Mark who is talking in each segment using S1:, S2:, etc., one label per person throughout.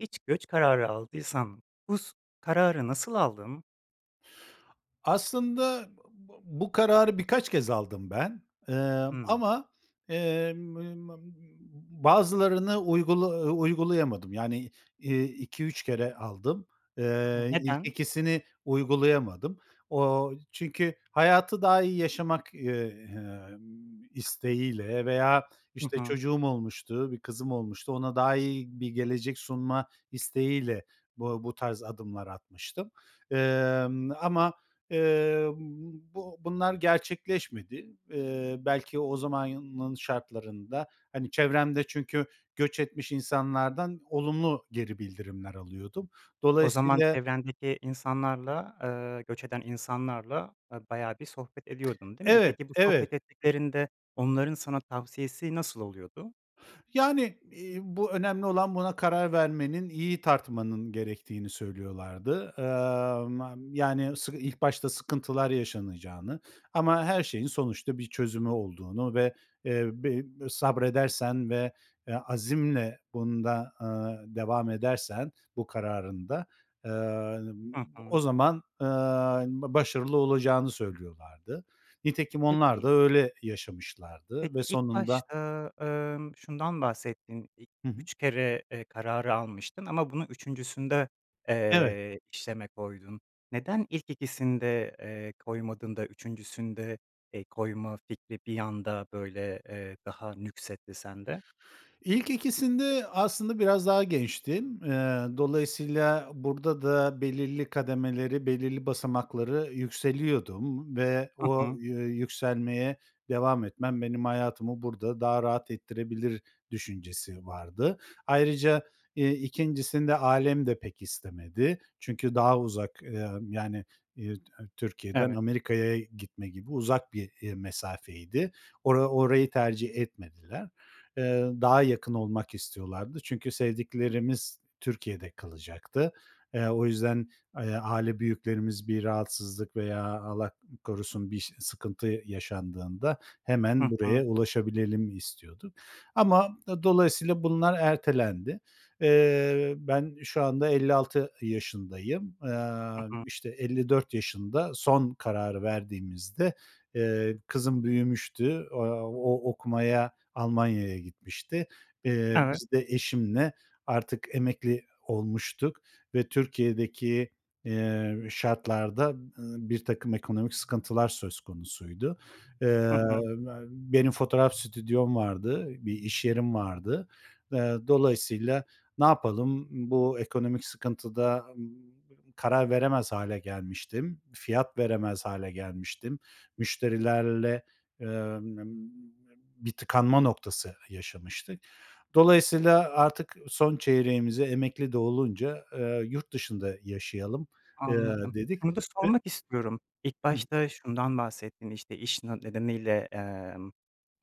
S1: Hiç göç kararı aldıysan, bus kararı nasıl aldın?
S2: Aslında b b bu kararı birkaç kez aldım ben, ımm,
S1: Hımm.
S2: ama, emm, [unintelligible] bazılarını uygula ııı, uygulayamadım. Yani, iii, 2-3 kere aldım.
S1: O,
S2: Eee, ilk
S1: neden?
S2: 2’sini uygulayamadım. Ooo, çünkü hayatı daha iyi yaşamak, ııı, emm, isteğiyle veya,
S1: Hı
S2: işte,
S1: hı.
S2: çocuğum olmuştu, bir kızım olmuştu, ona daha iyi bir gelecek sunma isteğiyle bu bu tarz adımlar atmıştım. Emm, ama, eee, [unintelligible] bunlar gerçekleşmedi. Iıı, belki o zamanın şartlarında, hani, çevremde çünkü göç etmiş insanlardan olumlu geri bildirimler alıyordum.
S1: O zaman
S2: Dolayısıyla
S1: çevrendeki insanlarla, ııı, göç eden insanlarla, a bayağı bir sohbet ediyordun, değil mi?
S2: Evet,
S1: Peki, bu sohbet
S2: evet.
S1: ettiklerinde onların sana tavsiyesi nasıl oluyordu?
S2: Yani, iii, bu önemli olan buna karar vermenin, iyi tartmanın gerektiğini söylüyorlardı. Iıı, ma yani, sık ilk başta sıkıntılar yaşanacağını ama her şeyin sonuçta bir çözümü olduğunu ve, eee, be sabredersen ve, eee, azimle bunda, aaa, devam edersen bu kararında, ııı,
S1: Hı
S2: o
S1: hı.
S2: zaman, ııı, ba başarılı olacağını söylüyorlardı. Nitekim onlar da
S1: Peki
S2: öyle yaşamışlardı ve
S1: Peki, ilk
S2: sonunda
S1: başta, ımm, şundan bahsettin, ilk
S2: Hı hı.
S1: 3 kere, eee, kararı almıştın ama bunu 3’üncüsünde,
S2: Evet.
S1: eee, işleme koydun. Neden ilk 2’sinde, eee, koymadın da 3’üncüsünde, eee, koyma fikri bir anda böyle, eee, daha nüksetti sende?
S2: İlk 2’sinde aslında biraz daha gençtim. Iıı, dolayısıyla burada da belirli kademeleri, belirli basamakları yükseliyordum ve
S1: Hı
S2: o
S1: hı.
S2: yü yükselmeye devam etmem benim hayatımı burada daha rahat ettirebilir düşüncesi vardı. Ayrıca, iii, 2’ncisinde ailem de pek istemedi. Çünkü daha uzak, ııı, yani, iii, T Türkiye'den
S1: Evet.
S2: Amerika'ya gitme gibi uzak bir, iii, mesafeydi. Ora orayı tercih etmediler. Iıı, daha yakın olmak istiyorlardı. Çünkü sevdiklerimiz Türkiye'de kalacaktı. Eee, o yüzden ay aile büyüklerimiz bir rahatsızlık veya Allah korusun bir ş sıkıntı yaşandığında hemen
S1: Hı hı.
S2: buraya ulaşabilelim istiyorduk ama dolayısıyla bunlar ertelendi. Eee, ben şu anda 56 yaşındayım, aaa,
S1: Hı hı.
S2: işte 54 yaşında son kararı verdiğimizde, eee, kızım büyümüştü, aaa, o okumaya Almanya'ya gitmişti. Eee,
S1: Evet.
S2: biz de eşimle artık emekli olmuştuk ve Türkiye'deki, iii, şartlarda, ııı, birtakım ekonomik sıkıntılar söz konusuydu.
S1: Hı
S2: Iıı,
S1: hı.
S2: benim fotoğraf stüdyom vardı, bir iş yerim vardı. Iıı, dolayısıyla ne yapalım, ımm, bu ekonomik sıkıntıda, ımm, karar veremez hâle gelmiştim, fiyat veremez hâle gelmiştim, müşterilerle, ııı, ımm, ımm, bir tıkanma noktası yaşamıştık. Dolayısıyla artık son çeyreğimize emekli de olunca, aaa, yurt dışında yaşayalım, ııı,
S1: Anladım.
S2: dedik.
S1: Şunu da
S2: Ve
S1: sormak istiyorum. İlk
S2: Hıı.
S1: başta şundan bahsettin, işte, iş na nedeniyle, emm,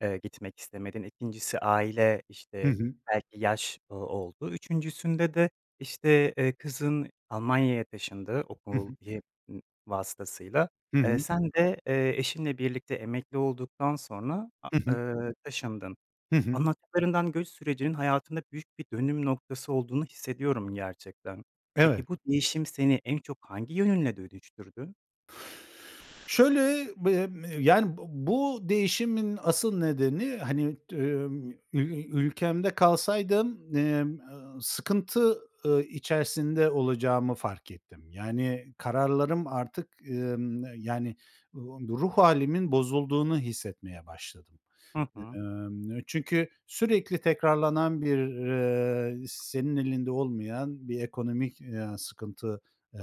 S1: eee, gitmek istemedin, 2’ncisi aile,
S2: Hı
S1: işte,
S2: hı.
S1: belki yaş o oldu, 3’üncüsünde de, işte, eee, kızın Almanya'ya taşındı
S2: Hı
S1: okul
S2: hı.
S1: y ımm, vasıtasıyla.
S2: Hı
S1: Eee,
S2: hı.
S1: sen de, eee, eşinle birlikte emekli olduktan sonra a
S2: Hı hı.
S1: ııı, taşındın.
S2: Hı hı.
S1: Anlattıklarından göç sürecinin hayatında büyük bir dönüm noktası olduğunu hissediyorum gerçekten.
S2: Evet.
S1: Peki, bu değişim seni en çok hangi yönünle dönüştürdü?
S2: Şöyle, bem eee, yani, bu bu değişimin asıl nedeni, hani, ımm, ül ülkemde kalsaydım, emm, ııı, sıkıntı, ııı, içerisinde olacağımı fark ettim. Yani, kararlarım artık, ımm, yani, ııı, ruh hâlimin bozulduğunu hissetmeye başladım.
S1: Hı hı.
S2: Imm, çünkü sürekli tekrarlanan bir, ııı, senin elinde olmayan bir ekonomik, ııı, sıkıntı, eee,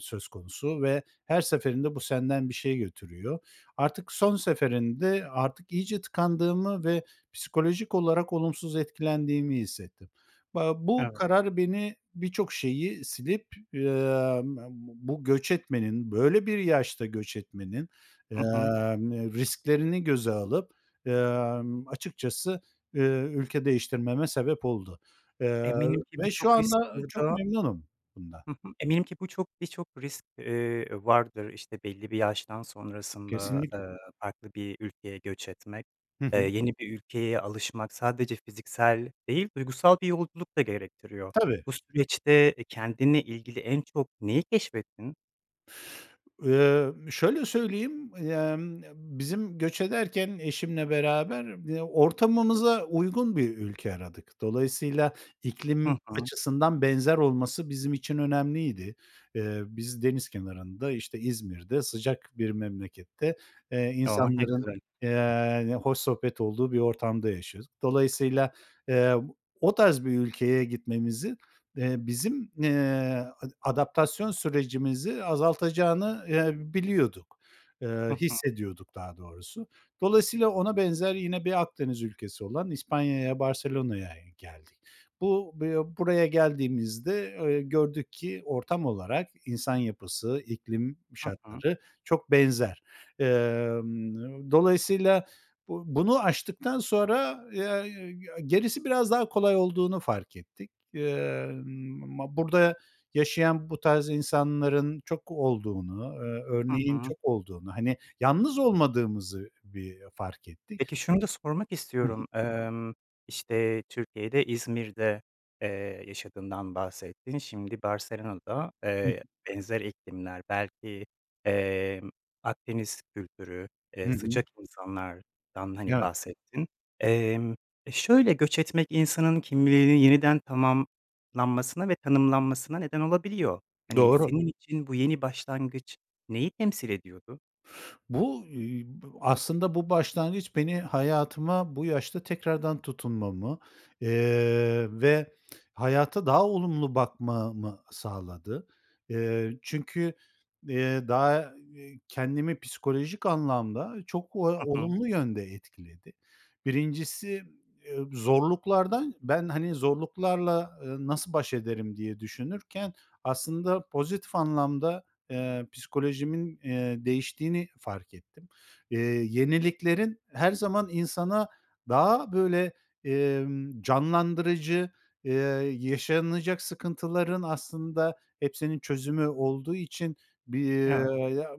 S2: söz konusu ve her seferinde bu senden bir şey götürüyor. Artık son seferinde artık iyice tıkandığımı ve psikolojik olarak olumsuz etkilendiğimi hissettim. Ba bu
S1: Evet.
S2: karar beni birçok şeyi silip, [unintelligible] bu göç etmenin, böyle bir yaşta göç etmenin,
S1: I hı.
S2: emm, risklerini göze alıp, ımm, açıkçası, ııı, ülke değiştirmeme sebep oldu. Iıı,
S1: Eminim ki
S2: ve
S1: birçok
S2: şu
S1: risk
S2: anda çok
S1: burada
S2: memnunum bundan.
S1: Hı hı, eminim ki bu çok birçok risk, eee, vardır. İşte, belli bir yaştan sonrasında, eee,
S2: Kesinlikle.
S1: farklı bir ülkeye göç etmek,
S2: Hı
S1: eee,
S2: hı.
S1: yeni bir ülkeye alışmak, sadece fiziksel değil, duygusal bir yolculuk da gerektiriyor.
S2: Tabii.
S1: Bu süreçte kendinle ilgili en çok neyi keşfettin?
S2: Emm, şöyle söyleyeyim, emm, bizim göç ederken eşimle beraber b ortamımıza uygun bir ülke aradık. Dolayısıyla
S1: Hı
S2: iklim
S1: hı.
S2: açısından benzer olması bizim için önemliydi. Eee, biz deniz kenarında, işte, İzmir'de sıcak bir memlekette, eee,
S1: Oh, ne
S2: insanların,
S1: güzel.
S2: eee, hoş sohbet olduğu bir ortamda yaşıyoruz. Dolayısıyla, eee, o tarz bir ülkeye gitmemizin, eee, bizim, eee, a adaptasyon sürecimizi azaltacağını, eee, biliyorduk,
S1: Hı
S2: eee,
S1: hı.
S2: hissediyorduk daha doğrusu. Dolayısıyla ona benzer yine bir Akdeniz ülkesi olan İspanya'ya Barcelona'ya geldik. Bu bı buraya geldiğimizde, eee, gördük ki ortam olarak insan yapısı, iklim
S1: Hı hı.
S2: şartları çok benzer. Emm, dolayısıyla bu bunu aştıktan sonra, eee, gerisi biraz daha kolay olduğunu fark ettik. Emm, ma ba burada yaşayan bu tarz insanların çok olduğunu, eee,
S1: Hı
S2: örneğin
S1: hı.
S2: çok olduğunu, hani, yalnız olmadığımızı bir fark ettik.
S1: Peki şunu da sormak
S2: Hı hı.
S1: istiyorum. Emm, işte, Türkiye'de, İzmir'de, eee, yaşadığından bahsettin. Şimdi Barcelona'da,
S2: Hıı.
S1: eee, benzer iklimler, belki, emm, Akdeniz kültürü,
S2: I
S1: eee,
S2: hı.
S1: sıcak insanlardan, hani,
S2: Evet.
S1: bahsettin. Emm, e, şöyle, göç etmek insanın kimliğinin yeniden tamamlanmasına ve tanımlanmasına neden olabiliyor. Hani,
S2: Doğru.
S1: senin için bu yeni başlangıç neyi temsil ediyordu?
S2: Bu [unintelligible] aslında bu başlangıç beni hayatıma bu yaşta tekrardan tutunmamı, eee, ve hayata daha olumlu bakmamı sağladı. Eee, çünkü, eee, daha [unintelligible] kendimi psikolojik anlamda çok o
S1: Hı hı.
S2: olumlu yönde etkiledi. Birincisi, eee, zorluklardan ben, hani, zorluklarla, ııı, nasıl baş ederim diye düşünürken aslında pozitif anlamda, eee, psikolojimin, eee, değiştiğini fark ettim. Eee, yeniliklerin her zaman insana daha böyle, emm, canlandırıcı, ııı, yaşanacak sıkıntıların aslında hepsinin çözümü olduğu için bir
S1: Evet.
S2: ya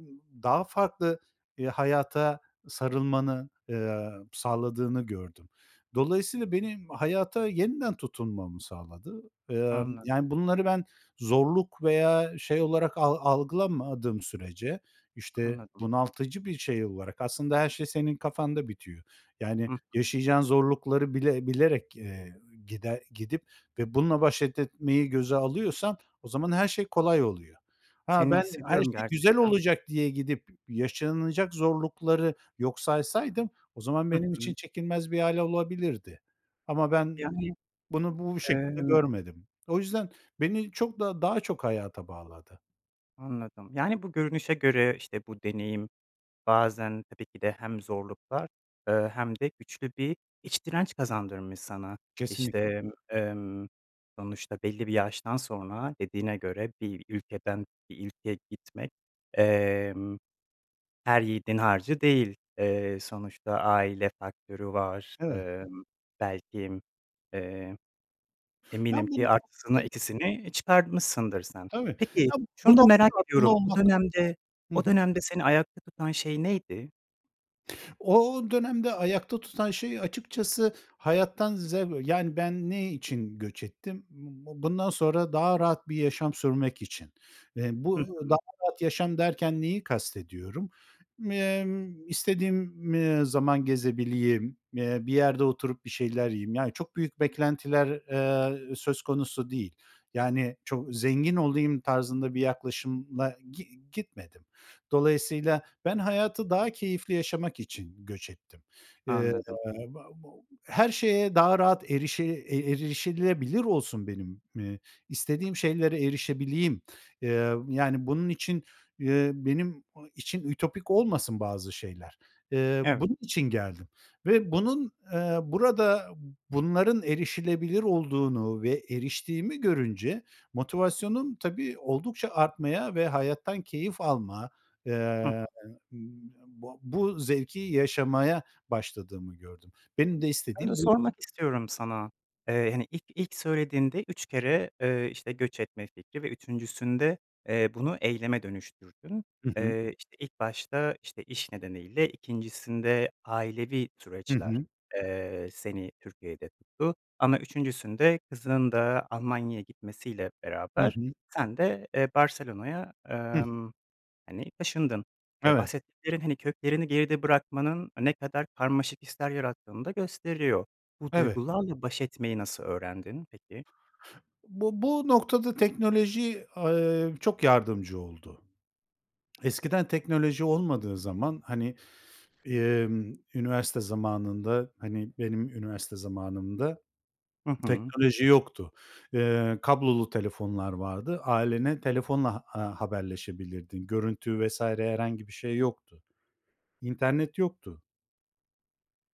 S2: daha farklı, eee, hayata sarılmanı, eee, sağladığını gördüm. Dolayısıyla benim hayata yeniden tutunmamı sağladı. Emm,
S1: Anladım.
S2: yani, bunları ben zorluk veya şey olarak al algılamadığım sürece, işte,
S1: Anladım.
S2: bunaltıcı bir şey olarak, aslında her şey senin kafanda bitiyor. Yani,
S1: Hıh.
S2: yaşayacağın zorlukları bile bilerek, eee, gider gidip ve bununla baş et etmeyi göze alıyorsan o zaman her şey kolay oluyor. Ha,
S1: Seni
S2: ben her
S1: hissediyorum
S2: şey güzel
S1: gerçekten.
S2: olacak diye gidip yaşanacak zorlukları yok saysaydım o zaman
S1: Hı
S2: benim için
S1: hı.
S2: çekilmez bir hâl olabilirdi. Ama ben
S1: Yani.
S2: bunu bu şekilde
S1: Emm
S2: görmedim. O yüzden beni çok da daha çok hayata bağladı.
S1: Anladım, yani, bu görünüşe göre, işte, bu deneyim bazen tabii ki de hem zorluklar, ııı, hem de güçlü bir iç direnç kazandırmış sana.
S2: Kesinlikle.
S1: İşte, emm, sonuçta belli bir yaştan sonra dediğine göre bir ülkeden bir ülkeye gitmek, emm, her yiğidin harcı değil. Eee, sonuçta aile faktörü var,
S2: Evet.
S1: ımm, belki, eee,
S2: Ya
S1: eminim
S2: bu
S1: ki artısını
S2: [unintelligible]
S1: eksisini çıkartmışsındır sen.
S2: Tabii.
S1: Peki
S2: Ya, bu
S1: şunu da merak
S2: noktada bunla
S1: ediyorum, o
S2: olmak
S1: dönemde
S2: Hı
S1: o
S2: hı.
S1: dönemde seni ayakta tutan şey neydi?
S2: O dönemde ayakta tutan şey açıkçası hayattan zev Yani, ben ne için göç ettim? B bu bundan sonra daha rahat bir yaşam sürmek için. Eee,
S1: Hı
S2: bu daha
S1: hı.
S2: rahat yaşam derken neyi kastediyorum? M emm, istediğim, eee, zaman gezebileyim, eee, bir yerde oturup bir şeyler yiyeyim. Yani çok büyük beklentiler, eee, söz konusu değil. Yani çok zengin olayım tarzında bir yaklaşımla gi gitmedim. Dolayısıyla ben hayatı daha keyifli yaşamak için göç ettim. Eee,
S1: Anladım.
S2: ba ba her şeye daha rahat erişe e erişilebilir olsun, benim, ııı, istediğim şeylere erişebileyim. Eee, yani bunun için, eee, benim o için ütopik olmasın bazı şeyler. Eee,
S1: Evet.
S2: bunun için geldim ve bunun, eee, burada, bunların erişilebilir olduğunu ve eriştiğimi görünce motivasyonum tabii oldukça artmaya ve hayattan keyif alma,
S1: Hı hı.
S2: eee, ımm, ba bu zevki yaşamaya başladığımı gördüm. Benim de
S1: Onu da
S2: istediğim buy
S1: sormak istiyorum sana, eee, hani, ilk ilk söylediğinde 3 kere, eee, işte, göç etme fikri ve 3’üncüsünde, eee, bunu eyleme dönüştürdün.
S2: Hı hı.
S1: Eee, işte, ilk başta, işte, iş nedeniyle, 2’ncisinde ailevi
S2: Hı
S1: süreçler,
S2: hı.
S1: eee, seni Türkiye'de tuttu. Ama 3’üncüsünde kızının da Almanya'ya gitmesiyle
S2: Hı
S1: beraber
S2: hı.
S1: sen de, eee, Barcelona'ya,
S2: Hıh.
S1: emm, hani, taşındın. Eee,
S2: Evet.
S1: bahsettiklerin, hani, köklerini geride bırakmanın ne kadar karmaşık hisler yarattığını da gösteriyor. Bu
S2: [unintelligible]
S1: duygularla baş etmeyi nasıl öğrendin peki?
S2: Bu bu noktada teknoloji, aaa, çok yardımcı oldu. Eskiden teknoloji olmadığı zaman, hani, emm, üniversite zamanında, hani, benim üniversite zamanımda
S1: Hı hı.
S2: teknoloji yoktu. Eee, kablolu telefonlar vardı. Ailene telefonla a ha haberleşebilirdin. Görüntü vs. herhangi bir şey yoktu. İnternet yoktu.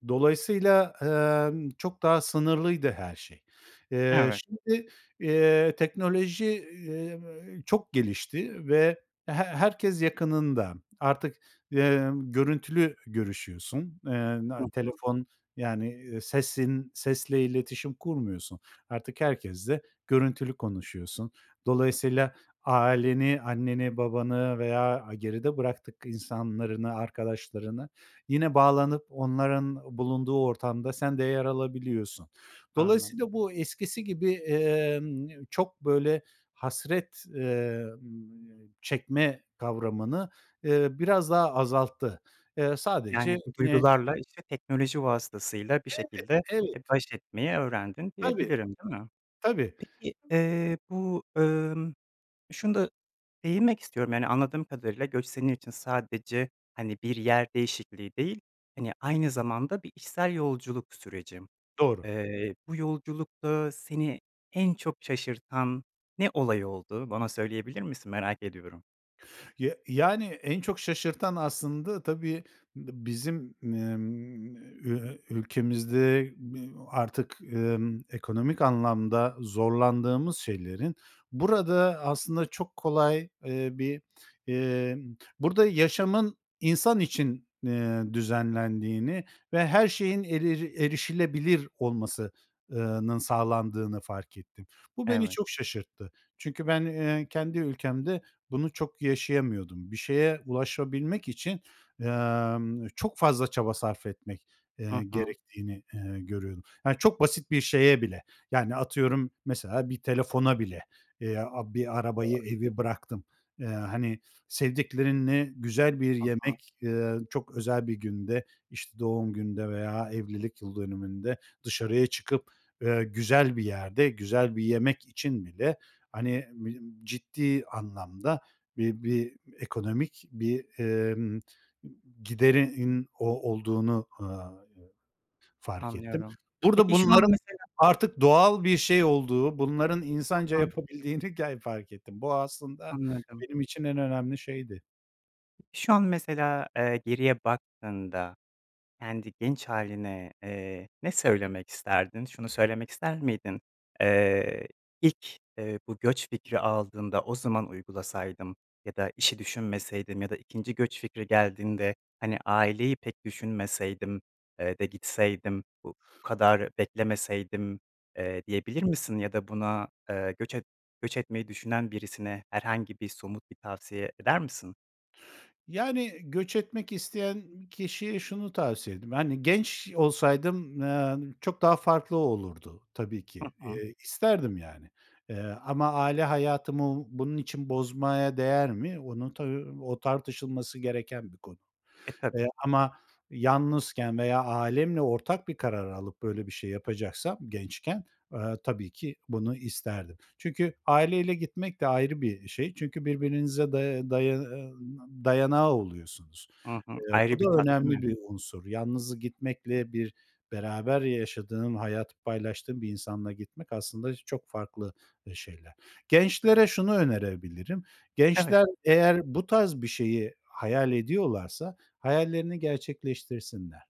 S2: Dolayısıyla, emm, çok daha sınırlıydı her şey. Eee,
S1: Evet.
S2: şimdi, eee, teknoloji, eee, çok gelişti ve he herkes yakınında. Artık, emm, görüntülü görüşüyorsun, eee,
S1: Hı
S2: na
S1: hı.
S2: telefon, yani, sesin sesle iletişim kurmuyorsun. Artık herkesle görüntülü konuşuyorsun. Dolayısıyla aileni, anneni, babanı veya, aaa, geride bıraktık insanlarını, arkadaşlarını, yine bağlanıp onların bulunduğu ortamda sen de yer alabiliyorsun.
S1: Anladım.
S2: Dolayısıyla bu eskisi gibi, emm, çok, böyle, hasret, emm, çekme kavramını, eee, biraz daha azalttı. Eee, sadece
S1: Yani, bu
S2: ni
S1: duygularla, işte, teknoloji vasıtasıyla bir
S2: Evet,
S1: şekilde,
S2: evet.
S1: eee, baş etmeyi öğrendin
S2: Tabii,
S1: diyebilirim, değil mi?
S2: tabii.
S1: Peki, eee, bu, ımm, şunu da değinmek istiyorum, yani, anladığım kadarıyla, göç senin için sadece, hani, bir yer değişikliği değil, hani, aynı zamanda bir içsel yolculuk süreci.
S2: Doğru.
S1: Eee, bu yolculukta seni en çok şaşırtan ne olay oldu? Bana söyleyebilir misin, merak ediyorum.
S2: Ya yani, en çok şaşırtan aslında tabii b bizim, ımm, ııı, ülkemizde, ııı, artık, ımm, ekonomik anlamda
S1: [unintelligible]
S2: zorlandığımız şeylerin burada aslında çok kolay, eee, bir, emm, burada yaşamın insan için, eee, düzenlendiğini ve her şeyin erir erişilebilir olması ııı, nın sağlandığını fark ettim. Bu beni
S1: Evet.
S2: çok şaşırttı. Çünkü ben, eee, kendi ülkemde bunu çok yaşayamıyordum. Bir şeye ulaşabilmek için, emm, çok fazla çaba sarf etmek,
S1: Hı
S2: eee,
S1: hı.
S2: gerektiğini, eee, görüyordum. Yani, çok basit bir şeye bile. Yani, atıyorum mesela bir telefona bile veya bir arabayı,
S1: Doğru.
S2: evi bıraktım, ııı, hani, sevdiklerinle güzel bir
S1: Hı hı.
S2: yemek, ııı, çok özel bir günde, işte, doğum günde veya evlilik yıl dönümünde dışarıya çıkıp, eee, güzel bir yerde, güzel bir yemek için bile, hani, b ciddi anlamda bi bi ekonomik bir, ımm, giderin o olduğunu, ııı, fark ettim.
S1: Anlıyorum.
S2: Burada
S1: Peki, şu an
S2: bunların
S1: mesela
S2: artık doğal bir şey olduğu, bunların insanca
S1: [unintelligible]
S2: yapabildiğini ger fark ettim. Bu aslında
S1: Anladım.
S2: benim için en önemli şeydi.
S1: Şu an mesela, eee, geriye baktığında kendi genç hâline, eee, ne söylemek isterdin? Şunu söylemek ister miydin? Eee, ilk, eee, bu göç fikri aldığında o zaman uygulasaydım ya da işi düşünmeseydim ya da 2. göç fikri geldiğinde, hani, aileyi pek düşünmeseydim, eee, de gitseydim, bu kadar beklemeseydim, eee, diyebilir misin ya da buna, eee, göç et göç etmeyi düşünen birisine herhangi bir somut bir tavsiye eder misin?
S2: Yani, göç etmek isteyen kişiye şunu tavsiye ederim, hani, genç olsaydım, eee, çok daha farklı olurdu tabii
S1: Hı
S2: ki.
S1: hı.
S2: Eee, isterdim yani. Eee, ama aile hayatımı bunun için bozmaya değer mi? Onun tabii, o tartışılması gereken bir konu.
S1: E,
S2: Eee,
S1: tabii.
S2: ama yalnızken veya ailemle ortak bir karar alıp böyle bir şey yapacaksam gençken, eee, tabii ki bunu isterdim. Çünkü aileyle gitmek de ayrı bir şey. Çünkü birbirinize day daya dayanağı oluyorsunuz.
S1: Hı hı.
S2: Eee, bu
S1: Ayrı bir
S2: da
S1: tat değil mi?
S2: önemli bir unsur. Yalnız gitmekle bir beraber yaşadığın, hayatı paylaştığın bir insanla gitmek aslında çok farklı, eee, şeyler. Gençlere şunu önerebilirim,
S1: Evet.
S2: gençler eğer bu tarz bir şeyi hayal ediyorlarsa hayallerini gerçekleştirsinler.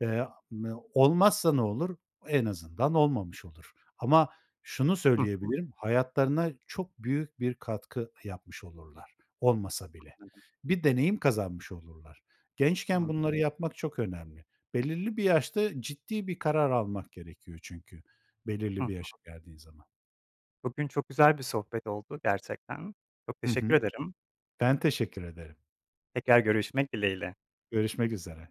S2: Eee, m olmazsa ne olur? En azından olmamış olur. Ama şunu
S1: Hı hı.
S2: söyleyebilirim, hayatlarına çok büyük bir katkı yapmış olurlar olmasa bile.
S1: Anladım.
S2: Bir deneyim kazanmış olurlar. Gençken bunları
S1: Anladım.
S2: yapmak çok önemli. Belirli bir yaşta ciddi bir karar almak gerekiyor çünkü
S1: Hı
S2: belirli
S1: hı.
S2: bir yaşa geldiğin zaman.
S1: Bugün çok güzel bir sohbet oldu gerçekten. Çok
S2: Hı
S1: teşekkür
S2: hı.
S1: ederim.
S2: Ben teşekkür ederim.
S1: Tekrar görüşmek dileğiyle.
S2: Görüşmek üzere.